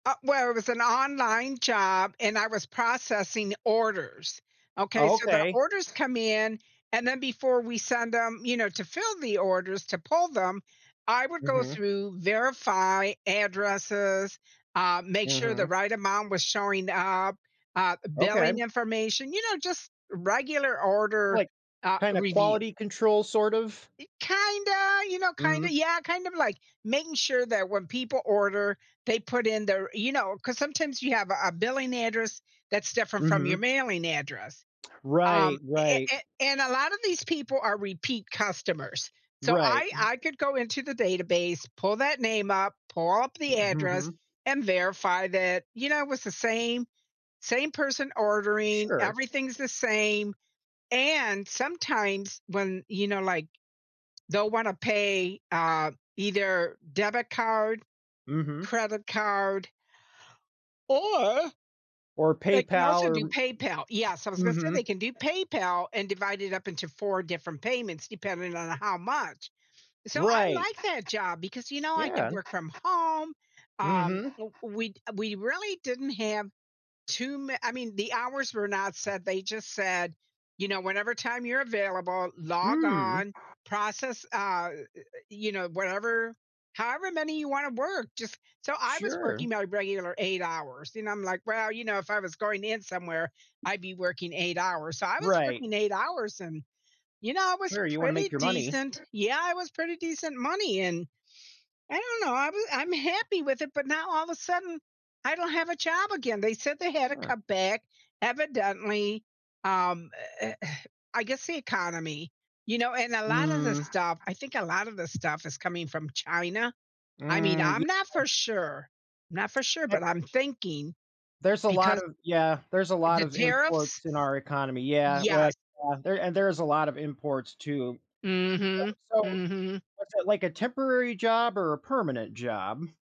Uh, well, it was an online job and I was processing orders, okay? Oh, So, the okay. orders come in, and then before we send them, you know, to fill the orders to pull them, I would go Mhm. through, verify addresses, uh, make sure the Mhm. right amount was showing up, uh, Okay. billing information you know, just regular order, Like, uh, kinda review. quality control, sort of? Y kinda, you know, kinda Mm. yeah, kind of like making sure that when people order, they put in their you know, 'cause sometimes you have a a billing address that's different from your Mhm. mailing address, um, Right, a right. a and a lot of these people are repeat customers, so, Right. I I could go into the database, pull that name up, pull up M the hmm, address hmm. and verify that, you know, it was the same same person ordering, Sure. everything's the same, and sometimes when, you know, like, they'll want to pay, uh, either debit card, Mhm. credit card or, Or they can PayPal also do or PayPal Yes, I m was gonna say Mhm. they can do PayPal, and divide it up into 4 different payments depending on how much. So, I Right. like that job because, you know, I could Yeah. work from home, um, Mhm. w we d uh, we really didn't have too man I mean the hours were not set they just said, you know, "Whenever time you're available, log Mm. on, process," uh, y y you know, "whatever however many you wanna work just" So, I was Sure. working my regular 8 hours, you know, I'm, like, "Well, you know, if I was going in somewhere, I'd be working 8 hours." So, I was Right. working 8 hours, and you know, I was Sure, you wanna pretty make your money. decent Yeah, it was pretty decent money and I don't know I'm I'm happy with it but now all of a sudden, I don't have a job again, they said they had to Yeah. cut back, evidently, um, eh eh, I guess the economy, you know, and a lot of the Mm. stuff I think a lot of the stuff is coming from China. I mean, Mm. I'm not Yeah. for sure. Not for sure, Eh but I'm thinking There's a lot because of yeah, there's a lot the of tariffs. imports in our economy yeah. We yeah, Yes. there and there's a lot of imports too. So Mhm. so, Mhm. was it like a temporary job or a permanent job?